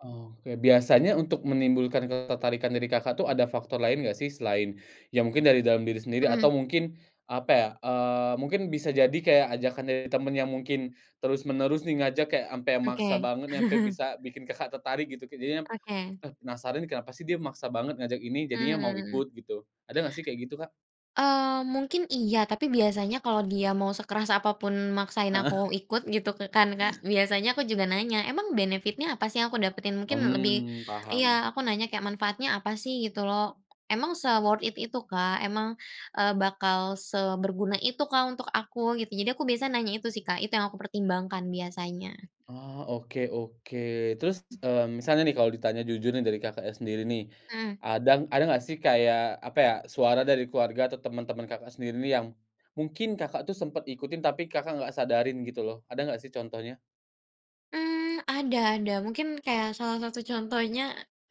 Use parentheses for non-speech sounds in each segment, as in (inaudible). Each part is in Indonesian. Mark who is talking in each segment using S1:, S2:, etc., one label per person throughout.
S1: Oke, biasanya untuk menimbulkan ketertarikan dari Kakak tuh ada faktor lain gak sih, selain ya mungkin dari dalam diri sendiri atau
S2: Mhm.
S1: mungkin apa ya, eee, mungkin bisa jadi kayak ajakan dari temen yang mungkin terus menerus nih ngajak kayak ampe yang maksa
S2: Oke.
S1: banget, nyampe
S2: (chuckles)
S1: bisa bikin Kakak tertarik gitu ke jadinya
S2: Oke.
S1: penasaran, "Kenapa sih dia maksa banget ngajak ini?" Jadinya mau
S2: Mhm.
S1: ikut gitu, ada nggak sih kayak gitu, Kak?
S2: Eee, mungkin iya, tapi biasanya kalau dia mau sekeras apa pun maksain aku
S1: Heeh.
S2: ikut gitu k kan Kak, biasanya aku juga nanya emang benefit-nya apa sih aku dapetin? Mungkin lebih
S1: Mmm,
S2: iya,
S1: paham.
S2: aku nanya kayak, "Manfaatnya apa sih?" Gitu loh. "Emang se-worth it itukah, emang, eee, bakal seberguna itukah untuk aku?" Gitu, jadi aku biasa nanya itu sih Kak, itu yang aku pertimbangkan biasanya.
S1: Oh, oke oke, terus, mmm, misalnya nih kalau ditanya jujur nih dari Kakak sendiri nih,
S2: Mmm.
S1: ada ada gak sih kayak apa ya, suara dari keluarga atau temen-temen Kakak sendiri nih yang mungkin Kakak tuh sempet ikutin, tapi Kakak gak sadarin gitu loh, ada gak sih contohnya?
S2: Mmm, ada ada mungkin kayak salah satu contohnya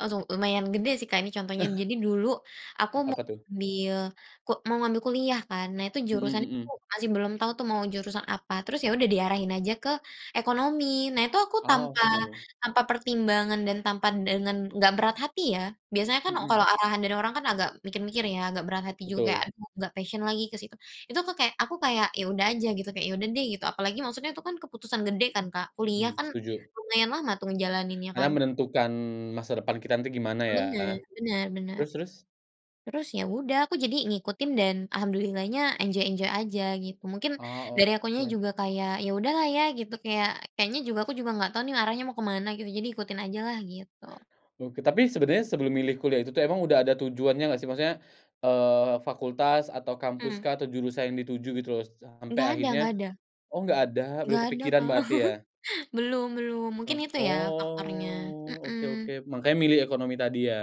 S2: aduh, lumayan gede sih Kak ini contohnya.
S1: (chuckles)
S2: Jadi dulu aku mau
S1: Apa tuh?
S2: ngambil ku mau ngambil kuliah kan, nah itu
S1: Mhm
S2: jurusannya
S1: mhm.
S2: tuh masih belum tahu tuh mau jurusan apa, terus ya udah diarahin aja ke ekonomi. Nah itu aku
S1: Ah.
S2: tanpa
S1: (unintelligible)
S2: tanpa pertimbangan dan tanpa dengan enggak berat hati ya, biasanya kan kalau
S1: Mhm.
S2: arahan dari orang kan agak mikir-mikir ya, agak berat hati juga,
S1: Betul.
S2: aduh nggak passion lagi ke situ. Itu tuh aku kayak aku kayak ya udah aja gitu, kayak ya udah deh gitu, apalagi maksudnya itu kan keputusan gede kan Kak, kuliah
S1: Mmm,
S2: kan
S1: setuju.
S2: lumayan lama tuh ngejalaninnya
S1: Karena
S2: kan.
S1: menentukan masa depan kita nanti gimana
S2: Bener
S1: ya.
S2: bener bener,
S1: Terus terus?
S2: terus ya udah aku jadi ngikutin dan alhamdulillah-nya enjoy-enjoy aja gitu. Mungkin
S1: Oh,
S2: dari akunya
S1: oke.
S2: juga kayak ya udahlah ya gitu, kayak kayaknya juga aku juga nggak tahu nih arahnya mau ke mana gitu, jadi ikutin ajalah gitu.
S1: Oke, tapi sebenernya sebelum milih kuliah itu tuh emang udah ada tujuannya gak sih? Maksudnya, eee, fakultas atau
S2: Mmm.
S1: kampuskah atau jurusan yang dituju gitu loh sampai
S2: Nggak ada
S1: akhirnya
S2: nggak ada.
S1: oh gak ada, belum
S2: Nggak ada
S1: kepikiran
S2: Kak,
S1: berarti ya?
S2: (chuckles) belum belum.
S1: Eee,
S2: Mungkin itu ya faktornya,
S1: oh, oke oke,
S2: mhm.
S1: makanya milih ekonomi tadi ya?